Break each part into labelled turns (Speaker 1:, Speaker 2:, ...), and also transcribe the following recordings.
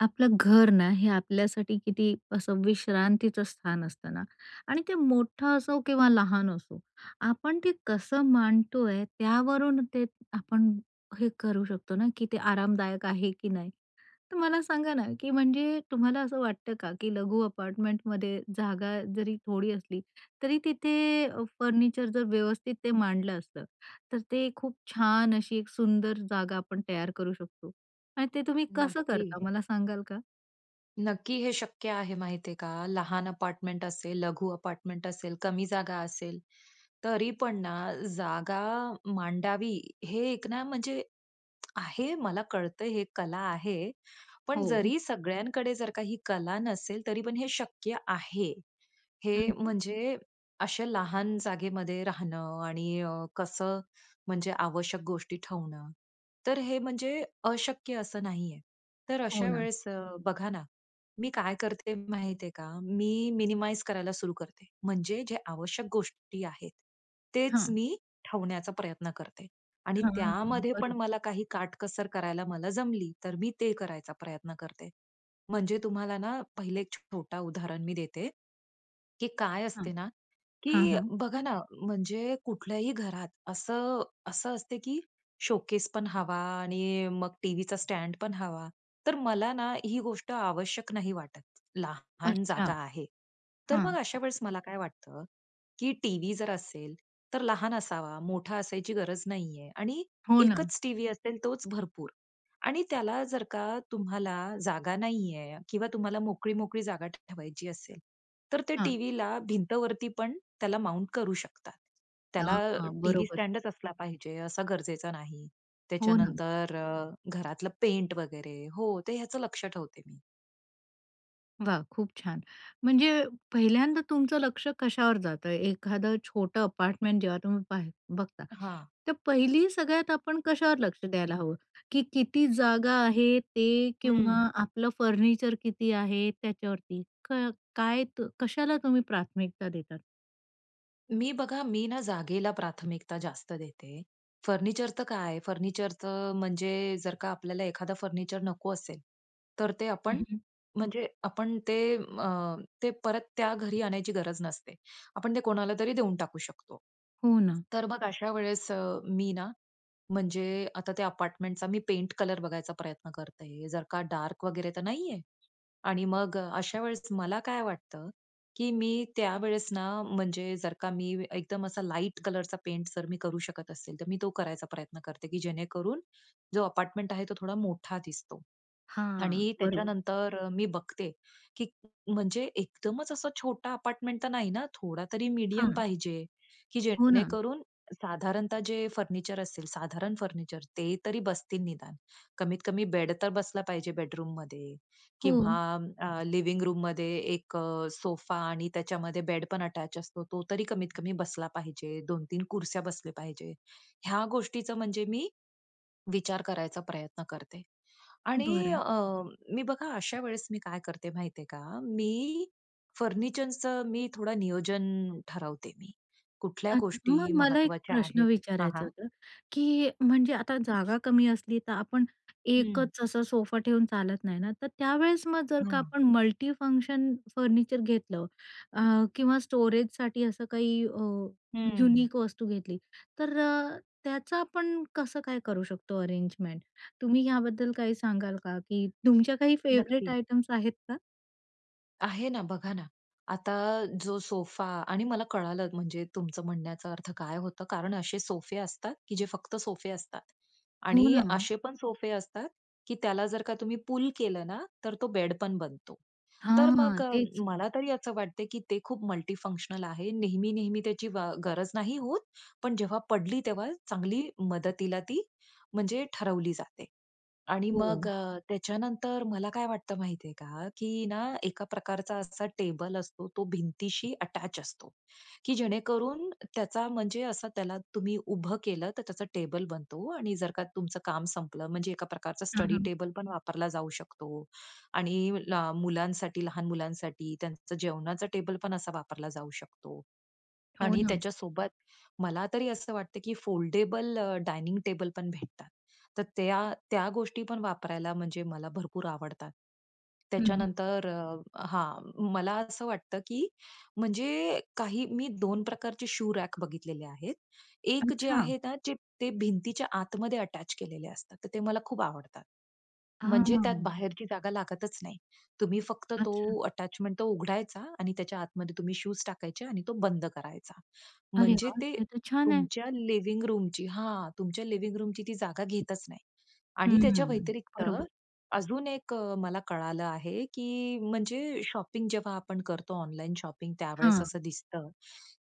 Speaker 1: आपलं घर ना, हे आपल्यासाठी किती असं विश्रांतीचं स्थान असतं ना आणि ते मोठं असो किंवा लहान असो, आपण ते कसं मांडतोय, त्यावरून ते आपण हे करू शकतो ना, की ते आरामदायक आहे की नाही? तर मला सांगा ना, की म्हणजे तुम्हाला असं वाटतं का की लघु अपार्टमेंटमध्ये जागा जरी थोडी असली, तरी तिथे अ, फर्निचर जर व्यवस्थित ते मांडलं असतं, तर ते खूप छान अशी एक सुंदर जागा आपण तयार करू शकतो. आणि ते तुम्ही कसं
Speaker 2: नक्की.
Speaker 1: करता, मला सांगाल का?
Speaker 2: नक्की हे शक्य आहे. माहित आहे का, लहान अपार्टमेंट असेल, लघु अपार्टमेंट असेल, कमी जागा असेल, तरी पण ना, जागा मांडावी हे एक ना, म्हणजे आहे. मला कळतं, हे कला आहे, पण
Speaker 1: हो.
Speaker 2: जरी सगळ्यांकडे जर काही ही कला नसेल, तरी पण हे शक्य आहे.
Speaker 1: हं,
Speaker 2: हे
Speaker 1: हं.
Speaker 2: म्हणजे अशा लहान जागेमध्ये राहणं आणि अ, कसं? म्हणजे आवश्यक गोष्टी ठेवणं. तर हे म्हणजे अशक्य असं नाही आहे. तर
Speaker 1: हो
Speaker 2: अशा
Speaker 1: ना.
Speaker 2: वेळेस अ, बघा ना, मी काय करते? माहित आहे का, मी मिनिमाइज करायला सुरु करते. म्हणजे जे आवश्यक गोष्टी आहेत, तेच
Speaker 1: हां.
Speaker 2: मी ठेवण्याचा प्रयत्न करते. आणि
Speaker 1: हां, हां.
Speaker 2: त्यामध्ये पण
Speaker 1: बरोबर.
Speaker 2: मला काही काटकसर करायला मला जमली, तर मी ते करायचा प्रयत्न करते. म्हणजे तुम्हाला ना, पहिले एक छोटा उदाहरण मी देते, की काय
Speaker 1: हां,
Speaker 2: असते ना?
Speaker 1: हां,
Speaker 2: की
Speaker 1: हां.
Speaker 2: बघा ना, म्हणजे कुठल्याही घरात असं, असं असतं की शोकेस पण हवा आणि मग टीव्हीचा स्टँड पण हवा. तर मला ना ही गोष्ट आवश्यक नाही वाटत. लहान
Speaker 1: अच्छा.
Speaker 2: जागा आहे, तर मग
Speaker 1: हां.
Speaker 2: अशा वेळेस मला काय वाटतं की टीव्ही जर असेल, तर लहान असावा, मोठा असायची गरज नाही आहे. आणि
Speaker 1: हो ना.
Speaker 2: एकच टीव्ही असेल, तोच भरपूर. आणि त्याला जर का तुम्हाला जागा नाही आहे किंवा तुम्हाला मोकळी, मोकळी जागा ठेवायची असेल, तर ते
Speaker 1: हां.
Speaker 2: टीव्हीला भिंतवरती पण त्याला माउंट करू शकतात. त्याला
Speaker 1: हां, हां.
Speaker 2: टीव्ही
Speaker 1: बरोबर.
Speaker 2: स्टँडचं असला पाहिजे असा गरजेचा नाही.
Speaker 1: हो ना.
Speaker 2: त्याच्यानंतर, अ, घरातलं पेंट वगैरे हो, ते ह्याच लक्ष ठेवते मी.
Speaker 1: वाह! खूप छान. म्हणजे पहिल्यांदा तुमचं लक्ष कशावर जातं? एखादं छोटं अपार्टमेंट जेव्हा तुम्ही पाह बघता,
Speaker 2: हां.
Speaker 1: तर पहिली सगळ्यात आपण कशावर लक्ष द्यायला हवं, की किती जागा आहे ते किंवा
Speaker 2: हम्म.
Speaker 1: आपलं फर्निचर किती आहे त्याच्यावरती? क काय, कशाला तुम्ही प्राथमिकता देता?
Speaker 2: मी बघा, मी ना, जागेला प्राथमिकता जास्त देते. फर्निचर तर काय आहे, फर्निचर तर म्हणजे जर का आपल्याला एखादा फर्निचर नको असेल, तर ते आपण
Speaker 1: अहं.
Speaker 2: म्हणजे आपण ते अ, ते परत त्या घरी आणायची गरज नसते. आपण ते कोणाला तरी देऊन टाकू शकतो.
Speaker 1: हो ना.
Speaker 2: तर मग अशा वेळेस अ, मी ना, म्हणजे आता त्या अपार्टमेंटचा मी पेंट कलर बघायचा प्रयत्न करते. जर का डार्क वगैरे तर नाही आहे. आणि मग अशा वेळेस मला काय वाटतं, की मी त्यावेळेस ना, म्हणजे जर का मी एकदम असा लाईट कलरचा पेंट करू शकत असेल, तर मी तो करायचा प्रयत्न करते, की जेणेकरून जो अपार्टमेंट आहे, तो थोडा मोठा दिसतो.
Speaker 1: हां,
Speaker 2: आणि
Speaker 1: बरोबर.
Speaker 2: त्याच्यानंतर मी बघते की, म्हणजे एकदमच असं छोटं अपार्टमेंट तर नाही, ना, थोडा तरी मीडियम
Speaker 1: हां.
Speaker 2: पाहिजे, की
Speaker 1: हो ना.
Speaker 2: जेणेकरून साधारणतः जे फर्निचर असेल, साधारण फर्निचर ते तरी बसतील, निदान कमीतकमी बेड तर बसला पाहिजे बेडरूममध्ये, किंवा
Speaker 1: हो.
Speaker 2: अ, लिविंग रूममध्ये एक सोफा, आणि त्याच्यामध्ये बेडपण अटॅच असतो, तो तरी कमीतकमी बसला पाहिजे. 2-3 खुर्च्या बसल्या पाहिजेत. ह्या गोष्टीचं म्हणजे मी विचार करायचा प्रयत्न करते. आणि
Speaker 1: बरं.
Speaker 2: अ, मी बघा, अशा वेळेस मी काय करते, माहिती आहे का, मी फर्निचरचं मी थोडं नियोजन ठरवते मी. कुठल्या
Speaker 1: अच्छा, मग
Speaker 2: गोष्टी
Speaker 1: मला एक
Speaker 2: महत्त्वाच्या
Speaker 1: प्रश्न
Speaker 2: आहेत? हां,
Speaker 1: विचारायचं
Speaker 2: हां.
Speaker 1: होतं, की म्हणजे आता जागा कमी असली, तर आपण
Speaker 2: हं.
Speaker 1: एकच असं सोफा ठेवून चालत नाही ना? तर त्यावेळेस, मग जर
Speaker 2: हो.
Speaker 1: आपण मल्टीफंक्शन फर्निचर घेतलं अ, किंवा स्टोरेजसाठी असं काही अ,
Speaker 2: हम्म.
Speaker 1: युनिक वस्तू घेतली, तर त्याचं आपण कसं करू शकतो अरेंजमेंट? तुम्ही याबद्दल काही सांगाल का? की तुमच्या काही फेवरेट
Speaker 2: नक्की.
Speaker 1: आयटम्स आहेत का?
Speaker 2: आहे ना, बघा ना, आता जो सोफा आणि मला कळालं, म्हणजे तुमचं म्हणण्याचा अर्थ काय होतं. कारण असे सोफे असतात, की जे फक्त सोफे असतात
Speaker 1: हो
Speaker 2: आणि
Speaker 1: ना.
Speaker 2: असे पण सोफे असतात, की त्याला जर का तुम्ही पूल केलं ना, तर तो बेड पण बनतो. तर
Speaker 1: हां,
Speaker 2: मग
Speaker 1: तेच.
Speaker 2: मला तरी असं वाटते, की ते खूप मल्टी फंक्शनल आहे. नेहमी-नेहमी त्याची व गरज नाही होत, पण जेव्हा पडली, तेव्हा चांगली मदतीला ती म्हणजे ठरवली जाते. आणि मग
Speaker 1: हो.
Speaker 2: अ, त्याच्यानंतर मला काय वाटतं, माहिती आहे का, की ना, एका प्रकारचा असा टेबल असतो, तो भिंतीशी अटॅच असतो, की जेणेकरून त्याचा म्हणजे असं त्याला तुम्ही उभं केलं, तर त्याचा टेबल बनतो आणि जर का तुमचं काम संपलं, म्हणजे एका प्रकारचा
Speaker 1: हां,
Speaker 2: स्टडी
Speaker 1: हां.
Speaker 2: टेबल पण वापरला जाऊ शकतो आणि ल मुलांसाठी, लहान मुलांसाठी त्यांचं जेवणाचा टेबल पण असा वापरला जाऊ शकतो
Speaker 1: हो
Speaker 2: आणि
Speaker 1: ना.
Speaker 2: त्याच्यासोबत मला तरी असं वाटतं, की फोल्डेबल अ, डायनिंग टेबल पण भेटतात. तर त्या त्या गोष्टी पण वापरायला म्हणजे मला भरपूर आवडतात.
Speaker 1: हं, हं.
Speaker 2: त्याच्यानंतर, अ हां, मला असं वाटतं, की म्हणजे काही मी 2 प्रकारचे शू रॅक बघितलेले आहेत. एक जे
Speaker 1: अच्छा.
Speaker 2: आहे ना, जे ते भिंतीच्या आतमध्ये अटॅच केलेले असतात, तर ते मला खूप आवडतात. म्हणजे त्यात
Speaker 1: हां.
Speaker 2: बाहेरची जागा लागतच नाही. तुम्ही फक्त तो
Speaker 1: अच्छा.
Speaker 2: अटॅचमेंट उघडायचा आणि त्याच्या आतमध्ये तुम्ही शूज टाकायचे आणि तो बंद करायचा.
Speaker 1: अरे
Speaker 2: म्हणजे
Speaker 1: वाह!
Speaker 2: ते
Speaker 1: हे तर छान आहे.
Speaker 2: तुमच्या लिविंग रूमची हां. तुमच्या लिविंग रूमची ती जागा घेतच नाही आणि त्याच्या
Speaker 1: हं,
Speaker 2: व्यतिरिक्त
Speaker 1: बरोबर.
Speaker 2: अजून एक मला कळालं आहे, की म्हणजे शॉपिंग जेव्हा आपण करतो ऑनलाइन शॉपिंग त्यावेळेस
Speaker 1: हां.
Speaker 2: असं दिसतं,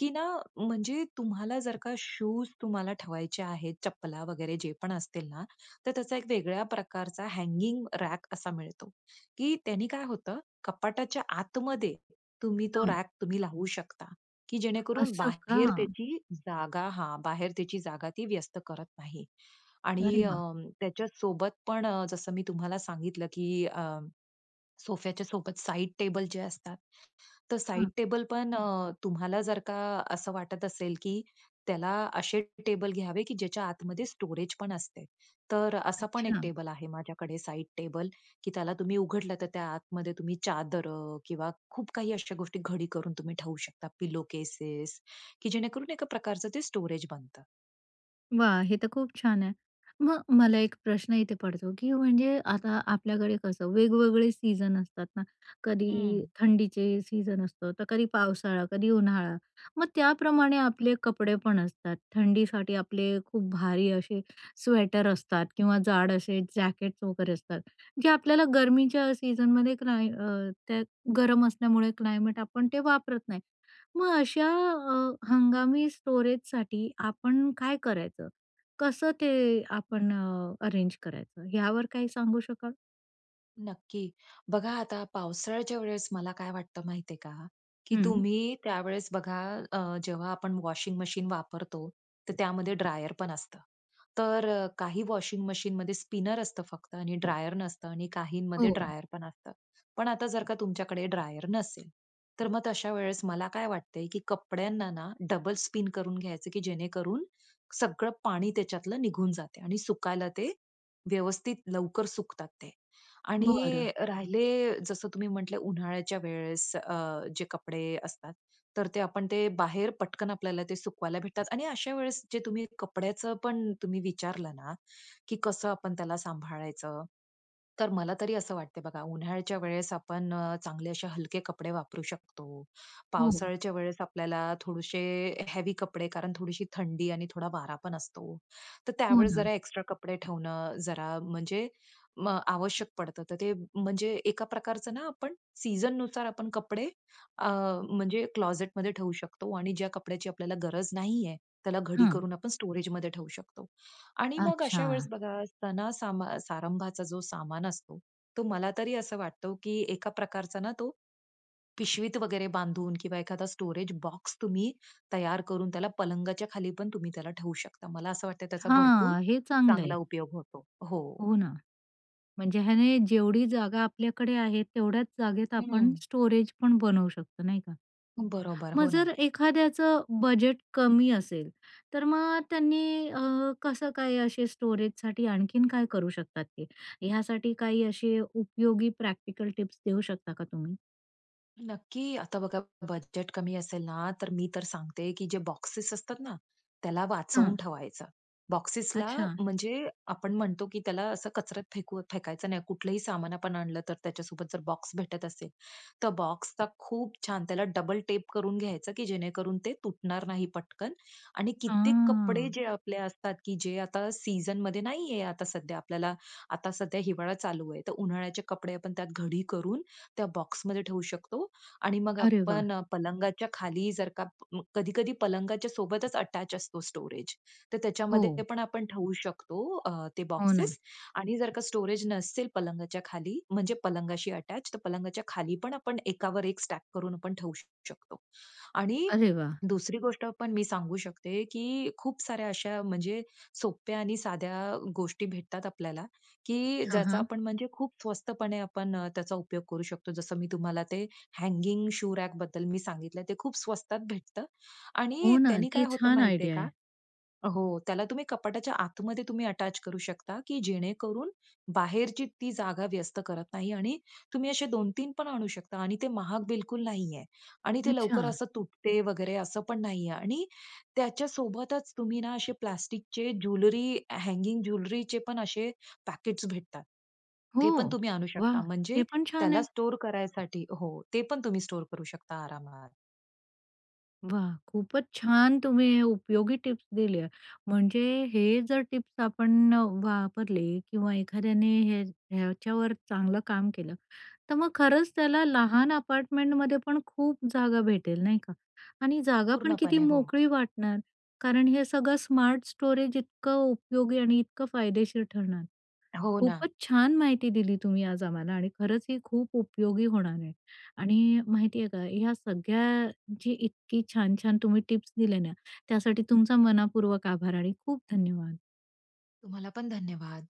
Speaker 2: की ना, म्हणजे तुम्हाला जर का शूज तुम्हाला ठेवायचे आहेत, चप्पला वगैरे जे पण असतील ना, तर त्याचा एक वेगळ्या प्रकारचा हगिंग रॅक असा मिळतो, की त्यानी काय होतं, कपाटाच्या आतमध्ये तुम्ही तो
Speaker 1: हां.
Speaker 2: रॅक तुम्ही लावू शकता, की जेणेकरून
Speaker 1: असं का?
Speaker 2: बाहेर त्याची जागा हां, बाहेर त्याची जागा व्यस्त करत नाही
Speaker 1: अरे
Speaker 2: आणि अ,
Speaker 1: वाह!
Speaker 2: त्याच्यासोबत पण जसं मी तुम्हाला सांगितलं, की अ, सोफ्याच्या सोबत साइड टेबल जे असतात, तर साइड
Speaker 1: हां.
Speaker 2: टेबल पण अ, तुम्हाला जर का असं वाटत असेल, की त्याला असे टेबल घ्यावे, की ज्याच्या आतमध्ये स्टोरेज पण असते, तर असा पण एक
Speaker 1: अच्छा.
Speaker 2: टेबल आहे माझ्याकडे. साइड टेबल, की त्याला तुम्ही उघडलं, तर त्या आतमध्ये तुम्ही चादर किंवा खूप काही अशा गोष्टी घडी करुन ठेवू शकता, पिलो केसेस, की जेणेकरून एका प्रकारचं ते स्टोरेज बनतं.
Speaker 1: वाह! हे तर खूप छान आहे. मग मला एक प्रश्न इथे पडतो, की म्हणजे आता आपल्याकडे कसं वेगवेगळे सीजन असतात ना, कधी
Speaker 2: हम्म.
Speaker 1: थंडीचे सीजन असतो, तर कधी पावसाळा, कधी उन्हाळा. मग त्याप्रमाणे आपले कपडे पण असतात. थंडीसाठी आपले खूप भारी असे स्वेटर असतात किंवा जाड असे जॅकेट्स वगैरे असतात, जे आपल्याला गर्मीच्या सीजनमध्ये क्लाय अ, त्यात गरम असल्यामुळे क्लायमेट आपण ते वापरत नाही. मग अशा अ, हंगामी स्टोरेजसाठी आपण काय करायचं, कसं ते आपण अरेंज करायचं, यावर काही सांगू शकाल?
Speaker 2: नक्की. बघा, आता पावसाळ्याच्या वेळेस मला काय वाटतं माहिती आहे का? की
Speaker 1: हं.
Speaker 2: तुम्ही त्यावेळेस बघा अ, जेव्हा आपण वॉशिंग मशीन वापरतो, तर त्यामध्ये ड्रायर पण असतं. तर काही वॉशिंग मशीनमध्ये स्पिनर असतं फक्त आणि ड्रायर नसतं आणि काहींमध्ये
Speaker 1: हो.
Speaker 2: ड्रायर पण असतं. पण आता जर का तुमच्याकडे ड्रायर नसेल, तर मग तशा वेळेस मला काय वाटतं आहे की कपड्यांना ना डबल स्पिन करून घ्यायचं की जेणेकरून सगळं पाणी त्याच्यातलं निघून जाते आणि सुकायला ते व्यवस्थित लवकर सुकतात ते
Speaker 1: बरं.
Speaker 2: आणि राहिले, जसं तुम्ही म्हटले उन्हाळ्याच्या वेळेस अ, जे कपडे असतात, तर ते आपण ते बाहेर पटकन आपल्याला ते सुकवायला भेटतात आणि अशा वेळेस जे तुम्ही कपड्याचं पण तुम्ही विचारलं ना, की कसं आपण त्याला सांभाळायचं? तर मला तरी असं वाटते बघा, उन्हाळ्याच्या वेळेस आपण अ, चांगले असे हलके कपडे वापरू शकतो,
Speaker 1: हो.
Speaker 2: पावसाळ्याच्या वेळेस आपल्याला थोडेसे हेवी कपडे, कारण थोडीशी थंडी आणि थोडा वारा पण असतो, तर
Speaker 1: हो
Speaker 2: त्यावेळेस
Speaker 1: ना.
Speaker 2: जरा एक्स्ट्रा कपडे ठेवणं, जरा, म्हणजे म आवश्यक पडतं. तर ते, म्हणजे एका प्रकारचं ना आपण सीझननुसार आपण कपडे अ, म्हणजे क्लॉझेटमध्ये ठेवू शकतो आणि ज्या कपड्याची आपल्याला गरज नाही आहे, त्याला घडी
Speaker 1: हं.
Speaker 2: करून आपण स्टोरेजमध्ये ठेवू शकतो आणि मग अशा वेळेस
Speaker 1: अच्छा.
Speaker 2: बघा सणा-सारंभा अ, सारंभाचा जो सामान असतो, तो मला तरी असं वाटतो, की एका प्रकारचा ना, तो पिशवीत वगैरे बांधून किंवा एखादा स्टोरेज बॉक्स तुम्ही तयार करून त्याला पलंगाच्या खाली पण तुम्ही त्याला ठेवू शकता. मला असं वाटतं आहे, त्याचा भरपूर
Speaker 1: हां, हे चांगलं आहे.
Speaker 2: चांगला उपयोग होतो. हो.
Speaker 1: हो ना, म्हणजे ह्याने जेवढी जागा आपल्याकडे आहे, तेवढ्याच जागेत
Speaker 2: हं
Speaker 1: आपण
Speaker 2: हं.
Speaker 1: स्टोरेज पण बनवू शकतो, नाही का?
Speaker 2: बरोबर.
Speaker 1: मग
Speaker 2: हो
Speaker 1: जर
Speaker 2: ना.
Speaker 1: एखाद्याचं बजेट कमी असेल, तर मग त्यांनी अ, कसं काय असे स्टोरेजसाठी आणखीन काय करू शकतात ते. यासाठी काही असे उपयोगी प्रॅक्टिकल टिप्स देऊ शकता का तुम्ही?
Speaker 2: नक्की, आता बघा, बजेट कमी असेल ना तर मी तर सांगते, की जे बॉक्सेस असतात ना? त्याला वाचवून
Speaker 1: हं.
Speaker 2: ठेवायचं. बॉक्सेसला
Speaker 1: अच्छा.
Speaker 2: म्हणजे आपण म्हणतो, की त्याला असं कचऱ्यात फेका फेकायचं नाही. कुठलंही सामान आपण आणलं तर त्याच्यासोबत जर बॉक्स भेटत असेल तर बॉक्सचा खूप छान त्याला डबल टेप करून घ्यायचं, की जेणेकरून ते तुटणार नाही पटकन. आणि
Speaker 1: अ.
Speaker 2: कित्येक कपडे जे आपले असतात, की जे आता सीझनमध्ये नाहीये, आता सध्या आपल्याला आता सध्या हिवाळा चालू आहे तर उन्हाळ्याचे कपडे आपण त्यात घडी करून त्या बॉक्समध्ये ठेवू शकतो. आणि मग
Speaker 1: अरे वाह!
Speaker 2: आपण पलंगाच्या खाली जर का कधी-कधी पलंगाच्या सोबतच अटॅच असतो स्टोरेज तर त्याच्यामध्ये
Speaker 1: हो.
Speaker 2: पण आपण ठेवू शकतो अ, ते
Speaker 1: हो ना.
Speaker 2: बॉक्सेस. आणि जर का स्टोरेज नसेल पलंगाच्या खाली म्हणजे पलंगाशी अटॅच तर पलंगाच्या खालीपण आपण एकावर एक स्टॅक करून आपण ठेवू शकतो. आणि
Speaker 1: अरे वा!
Speaker 2: दुसरी गोष्टं पण मी सांगू शकते की खूप साऱ्या अशा म्हणजे सोप्या आणि साध्या गोष्टी भेटतात आपल्याला, की
Speaker 1: हां,
Speaker 2: ज्याचा
Speaker 1: हां.
Speaker 2: आपण म्हणजे खूप स्वस्तपणे आपण त्याचा उपयोग करू शकतो. जसं मी तुम्हाला ते हँगिंग शू रॅकबद्दल सांगितलं ते खूप स्वस्तात भेटतं आणि
Speaker 1: हो ना,
Speaker 2: त्यांनी
Speaker 1: ती
Speaker 2: काय होतं
Speaker 1: छान
Speaker 2: माहिती आहे
Speaker 1: आयडिया
Speaker 2: का?
Speaker 1: आहे.
Speaker 2: हो, त्याला तुम्ही कपाटाच्या आतमध्ये तुम्ही अटॅच करू शकता की जेणेकरून बाहेरची ती जागा व्यस्त करत नाही आणि तुम्ही असे 2-3 पण आणू शकता आणि ते महाग बिलकुल नाहीये आणि ते लवकर
Speaker 1: अच्छा.
Speaker 2: असं तुटत वगैरे असं पण नाहीये. आणि त्याच्यासोबतच तुम्ही ना असे प्लास्टिकचे ज्वेलरी हॅंगिंग, ज्वेलरीचेपण असे पॅकेट्स भेटतात
Speaker 1: हो
Speaker 2: ते पण तुम्ही आणू
Speaker 1: वाह!
Speaker 2: शकता म्हणजे
Speaker 1: ते पण छान
Speaker 2: त्याला
Speaker 1: आहे.
Speaker 2: स्टोअर करायसाठी हो. ते पण तुम्ही स्टोअर करू शकता आरामात.
Speaker 1: वाह! खूपच छान तुम्ही उपयोगी टिप्स दिल्या. म्हणजे हे जर टिप्स आपण अ, वापरल्या किंवा एखाद्याने हे ह्याच्यावर चांगलं काम केलं, तर मग खरंच त्याला लहान अपार्टमेंटमध्ये पण खूप जागा भेटेल, नाही का? आणि जागापण किती
Speaker 2: पूर्णपणे हो.
Speaker 1: मोकळी वाटणार, कारण हे सगळं स्मार्ट स्टोरेज इतकं उपयोगी आणि इतकं फायदेशीर ठरणार.
Speaker 2: हो ना.
Speaker 1: खूपच छान माहिती दिली तुम्ही आज आम्हाला आणि खरंच ही खूप उपयोगी होणार आहे. आणि माहिती आहे का, या सगळ्याची इतकी छान-छान तुम्ही टिप्स दिल्या ना, त्यासाठी तुमचे मनःपूर्वक आभार आणि खूप धन्यवाद!
Speaker 2: तुम्हालापण धन्यवाद!